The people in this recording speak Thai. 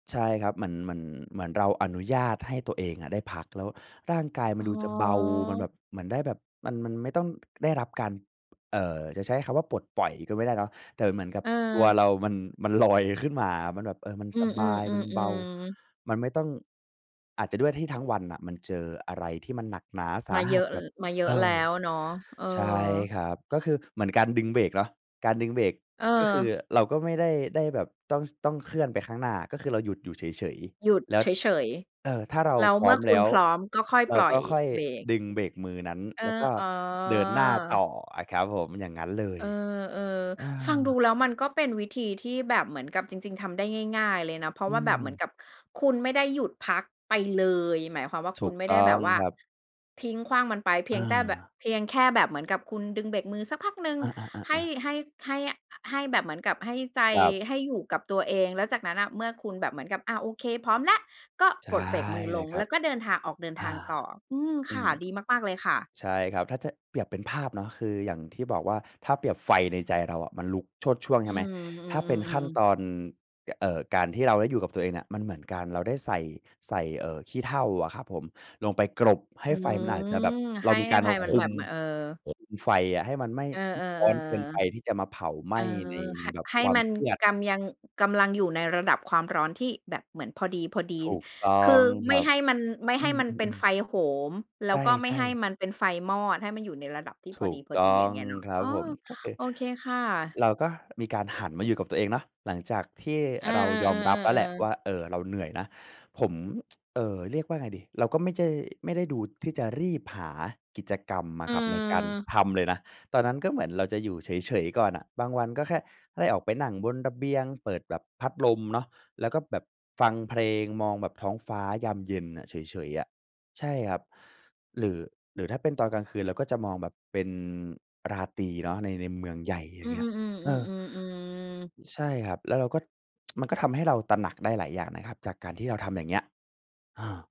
ใช่ครับ เหมือน เหมือน เหมือนเราอนุญาตให้ตัวเองอะได้พัก แล้วร่างกายมันอ๋ดูจะเบา มันอ แบบ เหมือนได้แบบมัน มันไม่ต้องได้รับการ เอ่อ จะใช้คำว่าปลดปล่อยก็ไม่ได้เนาะ แต่มันเหมือนกับ ตัวเออ เรามัน มันลอยขึ้นมา มันแบบ เออ มันอืสบาย มันเบา อ ๆ ๆ ๆ มันไม่ต้อง อาจจะด้วยที่ทั้งวันน่ะมันเจออะไรที่มันหนักหนาสมาาเหยอัสะ แล บบ มาเยอเอะแล้อ วเนาะ เออ ใช่ครับ ก็คือเหมือนการดึงเบรกเนาะ การดึงเบรกก็คือเออ เราก็ไม่ได้ ได้แบบต้อง ต้องเคลื่อนไปข้างหน้า ก็คือเราหยุดอยู่เฉย หยุดๆ แล้ว เฉย เอ่อ ถ้าเราๆ แล้วพรเม้อื่มอคแลุ้ณว พร้อม ก็ค่อยเราปล่กอ็ยค่อยเบรก ดึงเบรกมือนั้น เออ แล้วก็อ๋อ เดินหน้าต่ออะครับผม อย่างงั้นเลเย ออ อา ๆ ฟังดูแล้วมันก็เป็นวิธีที่แบบเหมือนกับจริง ๆ ทำได้ง่าย ๆ เลยนะ เพราะอืว่าแบบเหมือนม กับคุณไม่ได้หยุดพักไปเลย หมายความว่าถคุูณกไม่ตไ้ดอ้แบงบว่า ครับ ทิ้งขว้างมันไปเพีอยงแต่แบบ า เพียงแค่แบบเหมือนกับคุณดึงเบรกมือสักพักหนึ่งอา ให้ ๆ ๆ ๆ ให้ ให้ ให้แบบเหมือนกับให้ใจครับ ให้อยู่กับตัวเอง แล้วจากนั้นน่ะเมื่อคุณแบบเหมือนกับ อา โอเค พร้อมแล้ว ก็ใชป่ลดเบรกมือเลลยงครแัล้บ วก็เดินทาง ออกเดินอา ทางต่อ อืม อคื่ะ ม ดีมาก ๆ เลยค่ะ ใช่ครับ ถ้าจะเปรียบเป็นภาพเนาะ คืออย่างที่บอกว่า ถ้าเปรียบไฟในใจเราอะมันลุกโชติช่วง ใอืช่ไหม ม อือ ถ้าเป็นขั้นๆ ตๆ ๆ อน ย เอ่อ การที่เราได้อยู่กับตัวเองเนี่ย มันเหมือนการ เราได้ใส่ ใส่ เอ่อ ขี้เถ้าอะครับผม ลงไปกลบใหอ้ืไฟมันอาจจะแบบ ม เใรหา้มีกอารภมัายมัคนแุบม บ ม เออ คุมไฟอะให้มันไม่เออ ร้อนเกินไปๆ ที่จะมาเผาไหๆ มเออ ้ใน ในห แบบให้ความมันเครียด กำยัง กำลังอยู่ในระดับความร้อนที่แบบเหมือนพอดี ถูกต้อๆ คืงอ คไมร่ับ ให้มัน ไม่อใืห้มันเป็นอ ไๆ ๆ ฟโหม แลใ้วก็ไม่ช่ ให้ๆ มันเป็นไฟมอด ให้มันอยู่ในระดับที่พถอูกตดี ้ๆ ออย่างงเงี้ยเนาะ ครัอ้บอ ผม ก็คือโอเคค่ะ เราก็มีการหันมาอยู่กับตัวเองเนาะ หลังจากที่เออ เรายอมรับแล้วแหละๆ ๆ ๆ วๆ ่า เอ่อ เราเหนื่อยนะ ผม เอ่อ เรียกว่าไงดี เราก็ไม่ใจ ไม่ได้ดูที่จะรีบหากิจกรรมออะืครับในการอ ทำเลยนะ ตอนนั้นก็เหมือนเราจะอยู่เฉย ๆ ก่อนน่ะ บางวันก็แค่ได้ออกไปนั่งบนระเบียงเปิดแบบพัดลมเนาะ แล้วก็แบบฟังเพลงมองแบบท้องฟ้ายามเย็นน่ะ เฉย ๆ อะ ใช่ครับ หรือ หรือถ้าเป็นตอนกลางคืนเราก็จะมองแบบเป็นราตรีเนาะใน ในเมืองใหญ่ อยอ่าืงอ เงี้ย เออ ๆ ๆ ๆ ๆ ๆ ๆ ใช่ครับ แล้วเราก็ มันก็ทำให้เราตระหนักได้หลายอย่างนะครับจากการที่เราทำอย่างเงี้ย เออ